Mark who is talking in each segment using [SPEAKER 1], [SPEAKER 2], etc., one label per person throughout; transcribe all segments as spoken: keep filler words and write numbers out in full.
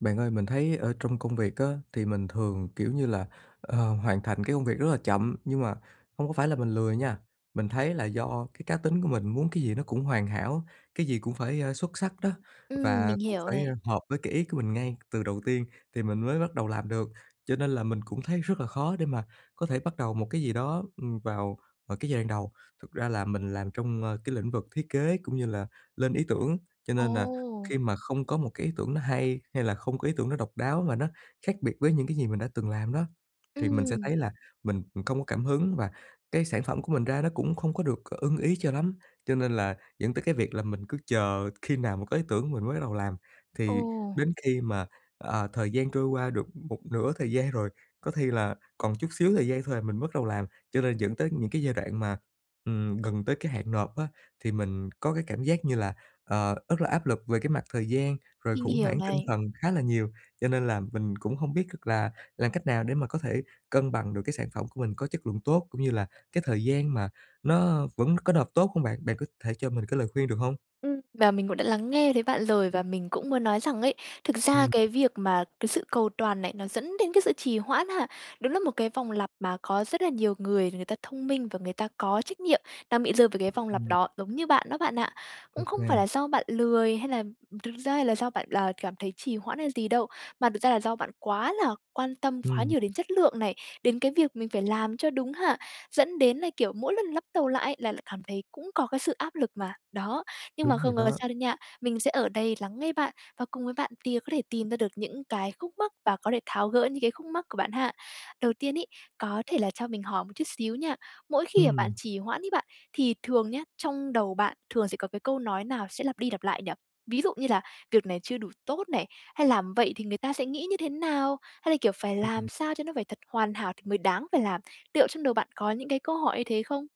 [SPEAKER 1] Bạn ơi, mình thấy ở trong công việc á thì mình thường, kiểu như là, ờ, hoàn thành cái công việc rất là chậm, nhưng mà hông có phải là mình lười nha, mình thấy là do cái cá tính của mình muốn cái gì nó cũng hoàn hảo, cái gì cũng phải, ơ, xuất sắc đó
[SPEAKER 2] Ừm,
[SPEAKER 1] và
[SPEAKER 2] mình
[SPEAKER 1] cũng
[SPEAKER 2] hiểu
[SPEAKER 1] phải, ơ,
[SPEAKER 2] này.
[SPEAKER 1] hợp với cái ý của mình ngay từ đầu tiên thì mình mới bắt đầu làm được, cho nên là mình cũng thấy rất là khó để mà có thể bắt đầu một cái gì đó, ừm, vào vào cái giai đoạn đầu. Thực ra là mình làm trong, ơ, cái lĩnh vực thiết kế, cũng như là lên ý tưởng, cho nên là
[SPEAKER 2] Ồ!
[SPEAKER 1] khi mà không có một cái ý tưởng nó hay, hay là không có ý tưởng nó độc đáo mà nó khác biệt với những cái gì mình đã từng làm đó, thì mình sẽ
[SPEAKER 2] Ừm.
[SPEAKER 1] thấy là mình không có cảm hứng và cái sản phẩm của mình ra nó cũng không có được ưng ý cho lắm. Cho nên là dẫn tới cái việc là mình cứ chờ khi nào mà có ý tưởng mình mới bắt đầu làm, thì
[SPEAKER 2] Ồ.
[SPEAKER 1] đến khi mà, ờ, thời gian trôi qua được một nửa thời gian rồi, có khi là còn chút xíu thời gian thôi à, mình mới bất đầu làm. Cho nên dẫn tới những cái giai đoạn mà, ừm, gần tới cái hạn nộp á, thì mình có cái cảm giác như là, ờ, rất là áp lực về cái mặt thời gian, rồi
[SPEAKER 2] Mình
[SPEAKER 1] khủng
[SPEAKER 2] hiểu
[SPEAKER 1] hoảng tinh
[SPEAKER 2] này.
[SPEAKER 1] thần khá là nhiều. Cho nên là mình cũng hông biết được là làm cách nào để mà có thể cân bằng được cái sản phẩm của mình có chất lượng tốt, cũng như là cái thời gian mà nó vẫn có nộp tốt hông bạn? Bạn có thể cho mình cái lời khuyên được hông?
[SPEAKER 2] Ừm, và mình cũng đã lắng nghe thấy bạn rồi. Và mình cũng muốn nói rằng ấy, thực ra
[SPEAKER 1] Ừm.
[SPEAKER 2] cái việc mà cái sự cầu toàn này nó dẫn đến cái sự trì hoãn ha, đúng là một cái vòng lặp mà có rất là nhiều người người ta thông minh, và người ta có trách nhiệm đang bị rơi vào cái vòng lặp
[SPEAKER 1] Ừm.
[SPEAKER 2] đó, giống như bạn đó bạn ạ. Cũng không phải
[SPEAKER 1] OK.
[SPEAKER 2] là do bạn lười, hay làm thực ra hay là do bạn là cảm thấy trì hoãn hay gì đâu, mà thực ra là do bạn quá là quan tâm quá
[SPEAKER 1] Ừm.
[SPEAKER 2] nhiều đến chất lượng này, đến cái việc mình phải làm cho đúng hạn, dẫn đến là kiểu mỗi lần lắp tàu lại ấy, là lại cảm thấy cũng có cái sự áp lực mà, đó. Nhưng mà
[SPEAKER 1] Đúng rồi
[SPEAKER 2] không có
[SPEAKER 1] đó.
[SPEAKER 2] sao đây nha, mình sẽ ở đây lắng nghe bạn, và cùng với bạn tìa có thể tìm ra được những cái khúc mắc và có thể tháo gỡ những cái khúc mắc của bạn ha. Đầu tiên ấy, có thể là cho mình hỏi một chút xíu nha, mỗi khi mà bạn
[SPEAKER 1] Ừm.
[SPEAKER 2] trì hoãn ấy bạn, thì thường nhá trong đầu bạn thường sẽ có cái câu nói nào sẽ lặp đi lặp lại nhỉ? Ví dụ như là "Việc này chưa đủ tốt" này, hay "Làm vậy thì người ta sẽ nghĩ như thế nào?" Hay là, kiểu "Phải
[SPEAKER 1] Ừm.
[SPEAKER 2] làm sao cho nó phải thật hoàn hảo thì mới đáng phải làm"? tiệu trong đầu bạn có những cái câu hỏi như thế không?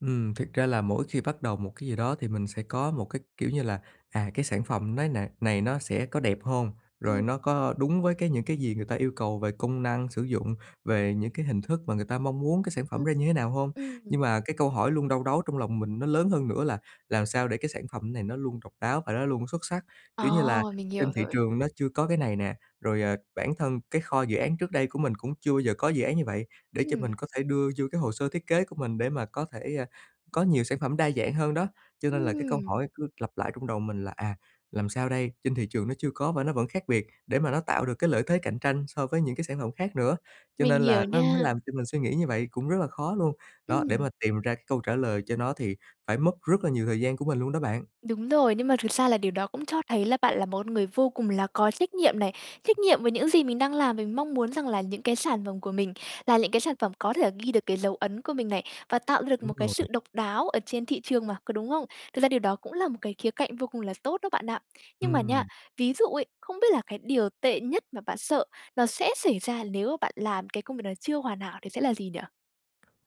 [SPEAKER 1] Ừm, thiệt ra là mỗi khi bắt đầu một cái gì đó thì mình sẽ có một cái, kiểu như là "À, cái sản phẩm nay này này nó sẽ có đẹp hông? Rồi
[SPEAKER 2] Ừm.
[SPEAKER 1] nó có có đúng với cái những cái gì người ta yêu cầu về công năng sử dụng, về những cái hình thức mà người ta mong muốn cái sản phẩm
[SPEAKER 2] Ừm,
[SPEAKER 1] ra như thế nào hông?"
[SPEAKER 2] ừm.
[SPEAKER 1] Nhưng mà cái câu hỏi luôn đau đáu trong lòng mình nó lớn hơn nữa là "Làm sao để cái sản phẩm này nó luôn độc đáo và nó luôn xuất sắc?"
[SPEAKER 2] À,
[SPEAKER 1] Kiểu như là,
[SPEAKER 2] mình
[SPEAKER 1] trên
[SPEAKER 2] hiểu
[SPEAKER 1] thị
[SPEAKER 2] rồi.
[SPEAKER 1] trường nó chưa có cái này nè, rồi, ờ, bản thân cái kho dự án trước đây của mình cũng chưa bao giờ có dự án như vậy, để cho mình
[SPEAKER 2] Ừm.
[SPEAKER 1] có thể đưa vô cái hồ sơ thiết kế của mình, để mà có thể, à, có nhiều sản phẩm đa dạng hơn đó. Cho nên là cái câu
[SPEAKER 2] Ừm.
[SPEAKER 1] hỏi cứ lặp lại trong đầu mình là "À, làm sao đây?" Trên thị trường nó chưa có, và nó vẫn khác biệt để mà nó tạo được cái lợi thế cạnh tranh so với những cái sản phẩm khác nữa. Cho
[SPEAKER 2] Mình
[SPEAKER 1] nên là
[SPEAKER 2] hiểu
[SPEAKER 1] nó nó
[SPEAKER 2] nha.
[SPEAKER 1] làm cho mình suy nghĩ như vậy, cũng rất là khó luôn. Đó, để mà
[SPEAKER 2] Ừm.
[SPEAKER 1] tìm ra cái câu trả lời cho nó thì phải mất rất là nhiều thời gian của mình luôn đó bạn.
[SPEAKER 2] Đúng rồi, nhưng mà thực xa là điều đó cũng cho thấy là bạn là một con người vô cùng là có trách nhiệm này. Trách nhiệm với những gì mình đang làm, với mong muốn rằng là những cái sản phẩm của mình là lững cái sản phẩm có thể là ghi được cái dấu ấn của mình này, và tạo ra được
[SPEAKER 1] Đúng
[SPEAKER 2] một cái
[SPEAKER 1] rồi.
[SPEAKER 2] sự độc đáo ở trên thị trường mà, có đúng không? Thực ra điều đó cũng là một cái khía cạnh vô cùng là tốt đó bạn ạ. Nhưng mà nha,
[SPEAKER 1] Ừm.
[SPEAKER 2] ví dụ ấy, không biết là cái điều tệ nhất mà bạn sợ nó sẽ xảy ra nếu mà bạn làm cái công việc này chưa hoàn hảo thì sẽ là gì nhỉ?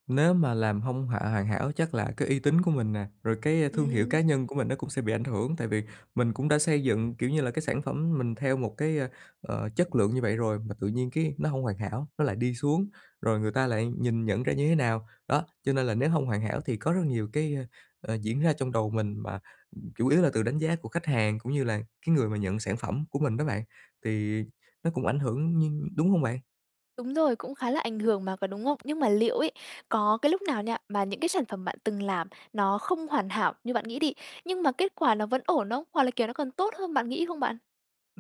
[SPEAKER 1] Nếu mà làm hông hà hoàn hảo, chắc là cái uy tín của mình nè, rồi cái thương hiệu
[SPEAKER 2] Ừm.
[SPEAKER 1] cá nhân của mình nó cũng sẽ bị ảnh hưởng. Tại vì mình cũng đã xây dựng, kiểu như là, cái sản phẩm mình theo một cái, ơ, ờ, chất lượng như vậy rồi, mà tự nhiên cái nó hông hoàn hảo, nó lại đi xuống, rồi người ta lại nhìn nhận ra như thế nào? Đó, cho nên là nếu hông hoàn hảo thì có rất nhiều cái, ơ, diễn ra trong đầu mình, mà, ừm, chủ yếu là từ đánh giá của khách hàng, cũng như là cái người mà nhận sản phẩm của mình đó bạn, thì nó cũng ảnh hưởng, nhưng đúng hông bạn?
[SPEAKER 2] Đúng rồi, cũng khá là ảnh hưởng mà, có đúng không? Nhưng mà liệu ấy, có cái lúc nào nha mà những cái sản phẩm bạn từng làm nó không hoàn hảo như bạn nghĩ đi, nhưng mà kết quả nó vẫn ổn không? Hoặc là, kiểu, nó còn tốt hơn bạn nghĩ không bạn?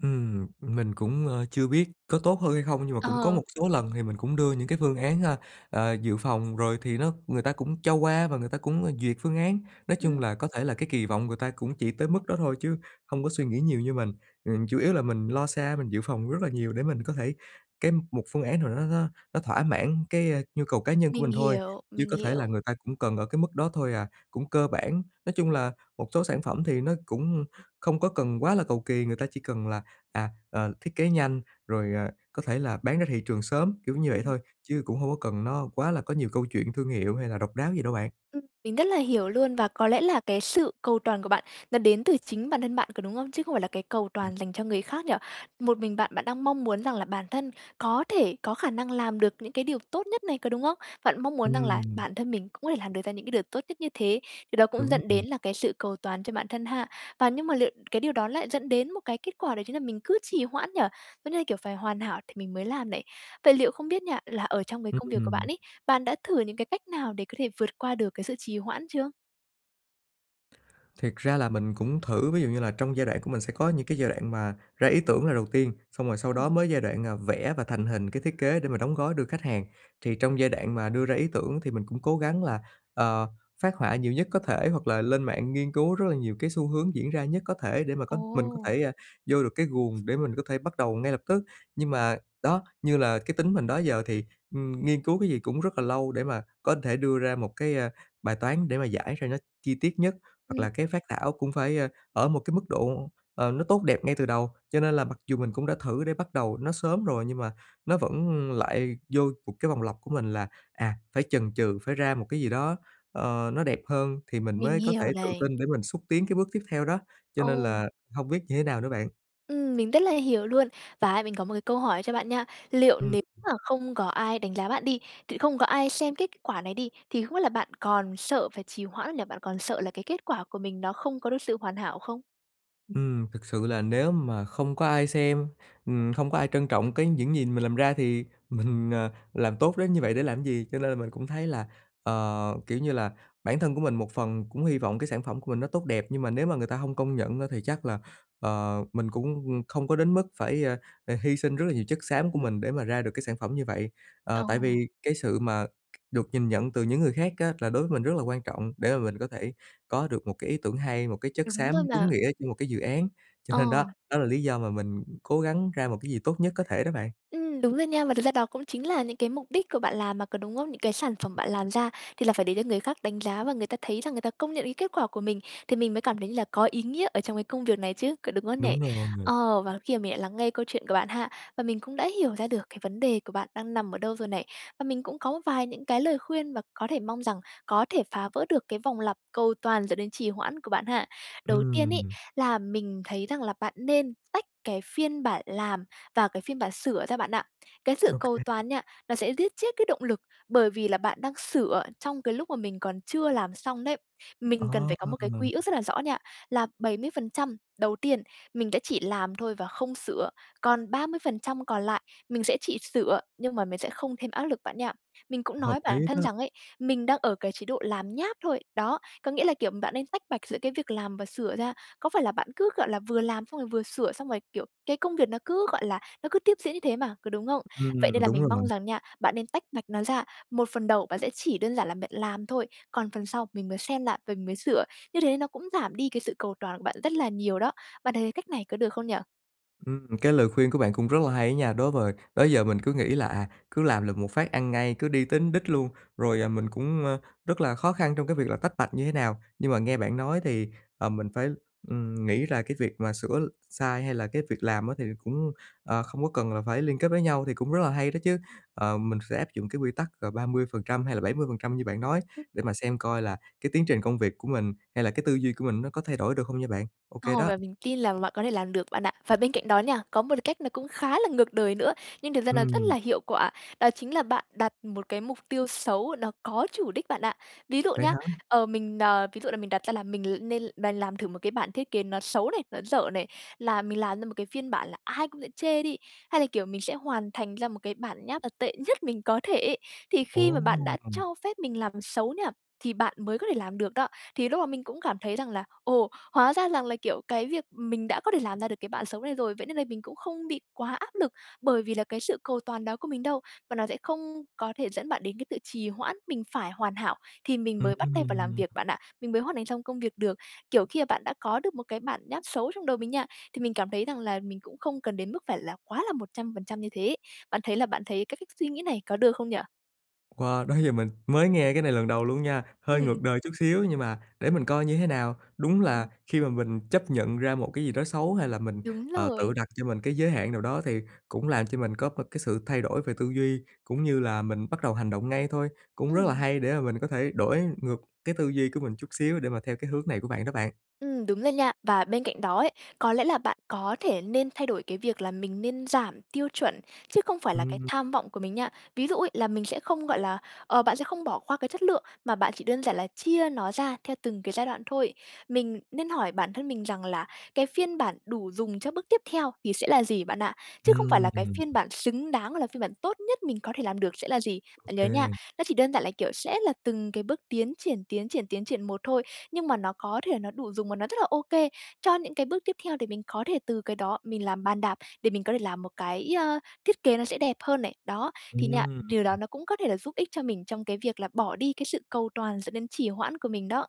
[SPEAKER 1] Ừm. Mình cũng, ơ, chưa biết có tốt hơn hay không, nhưng mà cũng có
[SPEAKER 2] Ờ.
[SPEAKER 1] một số lần thì mình cũng đưa những cái phương án, à, à, dự phòng rồi thì nó người ta cũng cho qua và người ta cũng, à, duyệt phương án. Nói chung
[SPEAKER 2] Ừm.
[SPEAKER 1] là có thể là cái kỳ vọng người ta cũng chỉ tới mức đó thôi, chứ hông có suy nghĩ nhiều như mình. Ừm, chủ yếu là mình lo xa, mình dự phòng rất là nhiều để mình có thể cái một phương án nào đó nó nó nó thỏa mãn cái, a, nhu cầu cá nhân của
[SPEAKER 2] Mình
[SPEAKER 1] mình thôi,
[SPEAKER 2] hiểu,
[SPEAKER 1] chứ
[SPEAKER 2] mình
[SPEAKER 1] có thể là
[SPEAKER 2] hiểu.
[SPEAKER 1] người ta cũng cần ở cái mức đó thôi à, cũng cơ bản. Nói chung là một số sản phẩm thì nó cũng không có cần quá là cầu kì, người ta chỉ cần là, à, ờ, thiết kế nhanh rồi, à, có thể là bán ra thị trường sớm, kiểu như vậy
[SPEAKER 2] Ừm.
[SPEAKER 1] thôi, chứ cũng hông có cần nó quá là có nhiều câu chuyện thương hiệu hay là độc đáo gì đâu bạn.
[SPEAKER 2] Ưm. Mình rất là hiểu luôn, và có lẽ là cái sự cầu toàn của bạn nó đến từ chính bản thân bạn, có đúng không? Chứ không phải là cái cầu
[SPEAKER 1] Ừm.
[SPEAKER 2] toàn dành cho người khác nhỉ? Một mình bạn bạn đang mong muốn rằng là bản thân có thể, có khả năng làm được những cái điều tốt nhất này, có đúng không? Bạn mong muốn rằng là
[SPEAKER 1] Ừm.
[SPEAKER 2] bản thân mình cũng có thể làm được ra những cái điều tốt nhất như thế, điều đó cũng
[SPEAKER 1] Đúng
[SPEAKER 2] dẫn
[SPEAKER 1] rồi.
[SPEAKER 2] đến là cái sự cầu toàn cho bản thân ha? Và nhưng mà liệu cái điều đó lại dẫn đến một cái kết quả, đó chính là mình cứ trì hoãn nhỉ? Nó như là, kiểu, phải hoàn hảo thì mình mới làm này. Vậy liệu không biết nha, là ở trong cái công việc của
[SPEAKER 1] Ừm.
[SPEAKER 2] bạn ấy, bạn đã thử những cái cách nào để có thể vượt qua được cái sự trì hoãn chưa?
[SPEAKER 1] Thiệt ra là mình cũng thử, ví dụ như là trong giai đoạn của mình sẽ có những cái giai đoạn mà ra ý tưởng là đầu tiên, xong rồi sau đó
[SPEAKER 2] Ừm.
[SPEAKER 1] mới giai đoạn, à, vẽ và thành hình cái thiết kế để mà đóng gói đưa khách hàng. Thì trong giai đoạn mà đưa ra ý tưởng thì mình cũng cố gắng là, ờ, phác họa nhiều nhất có thể, hoặc là lên mạng nghiên cứu rất là nhiều cái xu hướng diễn ra nhất có thể để mà có mình có
[SPEAKER 2] Ồ!
[SPEAKER 1] thể, à, vô được cái guồng để mình có thể bắt đầu ngay lập tức. Nhưng mà đó, như là cái tính mình đó giờ thì, ừm, nghiên cứu cái gì cũng rất là lâu để mà có thể đưa ra một cái, à, bài toán để mà giải ra nó chi tiết nhất, hoặc
[SPEAKER 2] Ừm.
[SPEAKER 1] là cái phác thảo cũng phải, ơ, ở một cái mức độ, ờ, nó tốt đẹp ngay từ đầu. Cho nên là mặc dù mình cũng đã thử để bắt đầu nó sớm rồi, nhưng mà nó vẫn lại vô một cái vòng lặp của mình là, à, phải chần chừ, phải ra một cái gì đó, ờ, nó đẹp hơn thì mình
[SPEAKER 2] Mình
[SPEAKER 1] mới có
[SPEAKER 2] hiểu
[SPEAKER 1] thể tự
[SPEAKER 2] này.
[SPEAKER 1] tin để mình xúc tiến cái bước tiếp theo đó. Cho nên
[SPEAKER 2] Ồ!
[SPEAKER 1] là hông biết như thế nào nữa bạn.
[SPEAKER 2] Ừm, mình rất là hiểu luôn. Và á mình có một cái câu hỏi cho bạn nha, liệu
[SPEAKER 1] Ừm.
[SPEAKER 2] nếu mà không có ai đánh giá bạn đi, tự không có ai xem kết quả này đi, thì không biết là bạn còn sợ phải trì hoãn hay là bạn còn sợ là cái kết quả của mình nó không có được sự hoàn hảo không?
[SPEAKER 1] Ừm, thực sự là nếu mà không có ai xem, ừm, không có ai trân trọng cái những gì mình làm ra thì mình, ờ, làm tốt đến như vậy để làm gì? Cho nên là mình cũng thấy là, ờ, kiểu như là, bản thân của mình một phần cũng hy vọng cái sản phẩm của mình nó tốt đẹp, nhưng mà nếu mà người ta hông công nhận á thì chắc là, ờ, mình cũng, ừm, không có đến mức phải, a, à, hy sinh rất là nhiều chất xám của
[SPEAKER 2] Ừm.
[SPEAKER 1] mình để mà ra được cái sản phẩm như vậy. Ờ, tại
[SPEAKER 2] Ồ.
[SPEAKER 1] vì cái sự mà được nhìn nhận từ những người khác á là đối với mình rất là quan trọng để mà mình có thể có được một cái ý tưởng hay, một cái chất
[SPEAKER 2] Đúng rồi
[SPEAKER 1] xám đúng
[SPEAKER 2] mà.
[SPEAKER 1] nghĩa cho một cái dự án, cho nên đó
[SPEAKER 2] Ờ.
[SPEAKER 1] đó là lý do mà mình cố gắng ra một cái gì tốt nhất có thể đó bạn.
[SPEAKER 2] Ừm, đúng rồi nha. Và thực ra đó cũng chính là những cái mục đích của bạn làm mà, có đúng không? Những cái sản phẩm bạn làm ra thì là phải để cho người khác đánh giá và người ta thấy rằng người ta công nhận cái kết quả của mình, thì mình mới cảm thấy như là có ý nghĩa ở trong cái công việc này chứ, có đúng không nhỉ?
[SPEAKER 1] Đúng rồi.
[SPEAKER 2] Ờ, và khi mình lại lắng nghe câu chuyện của bạn ha và mình cũng đã hiểu ra được cái vấn đề của bạn đang nằm ở đâu rồi này và mình cũng có một vài những cái lời khuyên và có thể mong rằng có thể phá vỡ được cái vòng lặp cầu toàn dẫn đến trì hoãn của bạn ha. Đầu tiên ấy,
[SPEAKER 1] Ừm.
[SPEAKER 2] là mình thấy rằng là bạn nên tách cái phiên bản làm và cái phiên bản sửa ra bạn ạ. Cái sự
[SPEAKER 1] Ô
[SPEAKER 2] cầu
[SPEAKER 1] kê.
[SPEAKER 2] toàn nha, nó sẽ giết chết cái động lực, bởi vì là bạn đang sửa trong cái lúc mà mình còn chưa làm xong đấy.
[SPEAKER 1] Ờ!
[SPEAKER 2] Mình cần phải có một cái quy ước rất là rõ nha, là bảy mươi phần trăm đầu tiên mình đã chỉ làm thôi và không sửa. Còn ba mươi phần trăm còn lại mình sẽ chỉ sửa, nhưng mà mình sẽ không thêm áp lực bạn nha. Mình cũng
[SPEAKER 1] Hợp
[SPEAKER 2] nói
[SPEAKER 1] lý
[SPEAKER 2] bản thân
[SPEAKER 1] đó.
[SPEAKER 2] rằng ấy, mình đang ở cái chế độ làm nháp thôi. Đó, có nghĩa là, kiểu, bạn nên tách bạch giữa cái việc làm và sửa ra. Có phải là bạn cứ, gọi là, vừa làm xong rồi vừa sửa, xong rồi, kiểu, cái công việc nó cứ, gọi là, nó cứ tiếp diễn như thế mà, có đúng không? Vậy nên
[SPEAKER 1] Ừm,
[SPEAKER 2] là
[SPEAKER 1] đúng
[SPEAKER 2] mình
[SPEAKER 1] rồi.
[SPEAKER 2] mong rằng nha, bạn nên tách bạch nó ra, một phần đầu bạn sẽ chỉ đơn giản là bạn làm thôi, còn phần sau mình mới xem lại mình mới sửa, như thế nó cũng giảm đi cái sự cầu toàn của bạn rất là nhiều đó. Bạn thấy cái cách này có được không nhỉ?
[SPEAKER 1] Ừm, cái lời khuyên của bạn cũng rất là hay á nha. Đối vời đó giờ mình cứ nghĩ là, à, cứ làm lược một phát ăn ngay, cứ đi tính đích luôn rồi, à, mình cũng, a, rất là khó khăn trong cái việc là tách bạch như thế nào. Nhưng mà nghe bạn nói thì, ờ, mình phải, ừm, nghĩ là cái việc mà sửa l sai hay là cái việc làm á thì cũng, ờ, không có cần là phải liên kết với nhau thì cũng rất là hay đó chứ. Ờ, mình sẽ áp dụng cái quy tắc, ờ, ba mươi phần trăm hay là bảy mươi phần trăm như bạn nói để mà xem coi là cái tiến trình công việc của mình hay là cái tư duy của mình nó có thay đổi được hông nha bạn? OK
[SPEAKER 2] Ồ,
[SPEAKER 1] đó.
[SPEAKER 2] và mình tin làm bạn có thể làm được bạn ạ. Và bên cạnh đó nha, có một cách nó cũng khá là ngược đời nữa, nhưng thực ra nó rất
[SPEAKER 1] Ừm.
[SPEAKER 2] là hiệu quả. Đó chính là bạn đặt một cái mục tiêu xấu, nó có chủ đích bạn ạ. Ví dụ
[SPEAKER 1] Vậy
[SPEAKER 2] nhá,
[SPEAKER 1] hả?
[SPEAKER 2] ờ, mình n ví dụ là mình đặt ra là mình l nên bàn làm thử một cái bản thiết kế nó xấu này, nó dở này, là mình làm ra một cái phiên bản là ai cũng sẽ chê đi, hay là kiểu mình sẽ hoàn thành ra một cái bản nháp, à, tệ nhất mình có thể ấy. Thì khi mà bạn đã
[SPEAKER 1] Ồ!
[SPEAKER 2] cho phép mình làm xấu nha, thì bạn mới có thể làm được đó. Thì lúc mà mình cũng cảm thấy rằng là "Ồ! Hóa ra rằng là, kiểu, cái việc, ừm, mình đã có thể làm ra được cái bạn xấu này rồi, vậy nên là mình cũng không bị quá áp lực bởi vì là cái sự cầu toàn đó của mình đâu", và nó sẽ không có thể dẫn bạn đến cái tự trì hoãn, mình phải hoàn hảo thì mình mới bắt tay vào làm
[SPEAKER 1] Ừm.
[SPEAKER 2] việc bạn ạ. Mình mới hoàn thành xong công việc được. Kiểu khi mà bạn đã có được một cái bản nháp xấu trong đầu mình nha, thì mình cảm thấy rằng là mình cũng không cần đến mức phải là quá là một trăm phần trăm như thế. Bạn thấy là bạn thấy cái cách suy nghĩ này có được không nhỉ?
[SPEAKER 1] Wow! Đó giờ mình mới nghe cái này lần đầu luôn nha. Hơi
[SPEAKER 2] Ừm.
[SPEAKER 1] ngược đời chút xíu nhưng mà để mình coi như thế nào. Đúng là
[SPEAKER 2] Ừm.
[SPEAKER 1] khi mà mình chấp nhận ra một cái gì đó xấu hay là mình,
[SPEAKER 2] Đúng
[SPEAKER 1] ờ, tự
[SPEAKER 2] rồi.
[SPEAKER 1] đặt cho mình cái giới hạn nào đó thì cũng làm cho mình có một cái sự thay đổi về tư duy, cũng như là mình bắt đầu hành động ngay thôi. Cũng rất là
[SPEAKER 2] Ừm.
[SPEAKER 1] hay để mà mình có thể đổi ngược cái tư duy của mình chút xíu để mà theo cái hướng này của bạn đó bạn.
[SPEAKER 2] Ừm, đúng rồi nha. Và bên cạnh đó ấy, có lẽ là bạn có thể nên thay đổi cái việc là mình nên giảm tiêu chuẩn, chứ không phải là cái
[SPEAKER 1] Ừm.
[SPEAKER 2] tham vọng của mình nha. Ví dụ ấy, là mình sẽ không, gọi là, ờ, bạn sẽ không bỏ qua cái chất lượng mà bạn chỉ đơn giản là chia nó ra theo từng cái giai đoạn thôi. Mình nên hỏi bản thân mình rằng là cái phiên bản đủ dùng cho bước tiếp theo thì sẽ là gì bạn ạ, chứ không phải là cái
[SPEAKER 1] Ừm.
[SPEAKER 2] phiên bản xứng đáng, là phiên bản tốt nhất mình có thể làm được sẽ là gì.
[SPEAKER 1] Ô
[SPEAKER 2] Bạn nhớ nha,
[SPEAKER 1] kê.
[SPEAKER 2] nó chỉ đơn giản là, kiểu, sẽ là từng cái bước tiến triển, tiến triển, tiến triển một thôi, nhưng mà nó có thể nó đủ dùng và nó rất là OK cho những cái bước tiếp theo để mình có thể từ cái đó mình làm bàn đạp để mình có thể làm một cái, ờ, thiết kế nó sẽ đẹp hơn này. Đó, thì nha,
[SPEAKER 1] Ừm.
[SPEAKER 2] điều đó nó cũng có thể là giúp ích cho mình trong cái việc là bỏ đi cái sự cầu toàn dẫn đến trì hoãn của mình đó.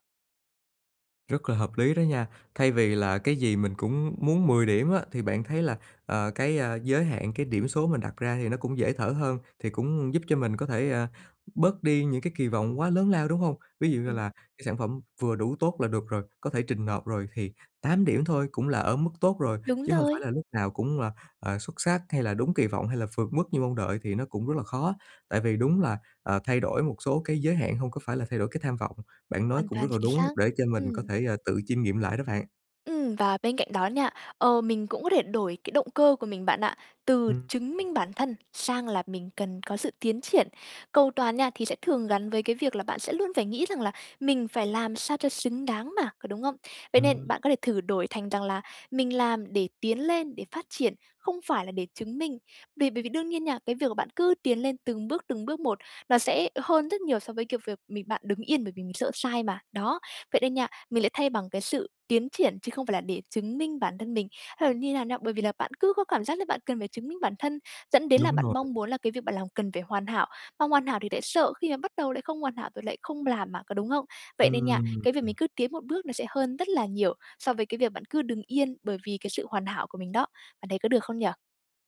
[SPEAKER 1] Rất là hợp lý đó nha! Thay vì là cái gì mình cũng muốn mười điểm á thì bạn thấy là, ờ, cái, a, giới hạn cái điểm số mình đặt ra thì nó cũng dễ thở hơn, thì cũng giúp cho mình có thể, a, bớt đi những cái kỳ vọng quá lớn lao, đúng hông? Ví
[SPEAKER 2] Ưm,
[SPEAKER 1] dụ như
[SPEAKER 2] ừm.
[SPEAKER 1] là cái sản phẩm vừa đủ tốt là được rồi, có thể trình nộp rồi thì tám điểm thôi cũng là ở mức tốt rồi,
[SPEAKER 2] Đúng
[SPEAKER 1] chứ hông phải
[SPEAKER 2] rồi.
[SPEAKER 1] là lúc nào cũng là, ờ, xuất sắc, hay là đúng kỳ vọng, hay là vượt mức như mong đợi thì nó cũng rất là khó. Tại vì đúng là, ờ, thay đổi một số cái giới hạn hông có phải là thay đổi cái tham vọng. Bạn nói
[SPEAKER 2] Hoàn
[SPEAKER 1] cũng rất
[SPEAKER 2] toàn
[SPEAKER 1] là
[SPEAKER 2] chính
[SPEAKER 1] đúng
[SPEAKER 2] xác.
[SPEAKER 1] để cho mình có
[SPEAKER 2] Ừm.
[SPEAKER 1] thể, ờ, tự chiêm nghiệm lại đó bạn.
[SPEAKER 2] Ừm, và bên cạnh đó nha, ờ, mình cũng có thể đổi cái động cơ của mình bạn ạ, từ
[SPEAKER 1] Ừm.
[SPEAKER 2] chứng minh bản thân sang là mình cần có sự tiến triển. Cầu toàn nha, thì sẽ thường gắn với cái việc là bạn sẽ luôn phải nghĩ rằng là mình phải làm sao cho xứng đáng mà, có đúng không? Vậy nên
[SPEAKER 1] Ừm.
[SPEAKER 2] bạn có thể thử đổi thành rằng là mình làm để tiến lên, để phát triển, không phải là để chứng minh. Vì bởi vì đương nhiên nha, cái việc mà bạn cứ tiến lên từng bước, từng bước một, nó sẽ hơn rất nhiều so với, kiểu, việc mình bạn đứng yên bởi vì mình sợ sai mà. Đó, vậy nên nha, mình lại thay bằng cái sự tiến triển chứ không phải là để chứng minh bản thân mình hay là như nào nha. Bởi vì là bạn cứ có cảm giác là bạn cần phải chứng minh bản thân dẫn đến là
[SPEAKER 1] Đúng
[SPEAKER 2] bạn
[SPEAKER 1] rồi.
[SPEAKER 2] mong muốn là cái việc bạn làm cần phải hoàn hảo, mà hoàn hảo thì lại sợ khi mà bắt đầu lại không hoàn hảo rồi lại không làm mà, có đúng hông? Vậy nên nha,
[SPEAKER 1] Ừm,
[SPEAKER 2] cái việc
[SPEAKER 1] ừm.
[SPEAKER 2] mình cứ tiến một bước nó sẽ hơn rất là nhiều so với cái việc bạn cứ đừng yên bởi vì cái sự hoàn hảo của mình đó. Bạn thấy có được không nhỉ?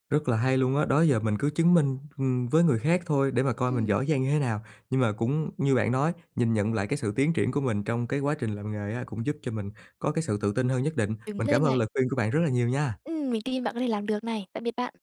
[SPEAKER 1] Rất là hay luôn á! Đó giờ mình cứ chứng minh, ừm, với người khác thôi để mà coi mình
[SPEAKER 2] Ừm.
[SPEAKER 1] giỏi giang như thế nào, nhưng mà cũng như bạn nói, nhìn nhận lại cái sự tiến triển của mình trong cái quá trình làm nghề á cũng giúp cho mình có cái sự tự tin hơn nhất định.
[SPEAKER 2] Đúng
[SPEAKER 1] Mình cảm
[SPEAKER 2] luôn
[SPEAKER 1] ơn
[SPEAKER 2] này!
[SPEAKER 1] lời khuyên của bạn rất là nhiều nha!
[SPEAKER 2] Ừm, mình tin bạn có thể làm được này. Tạm biệt bạn!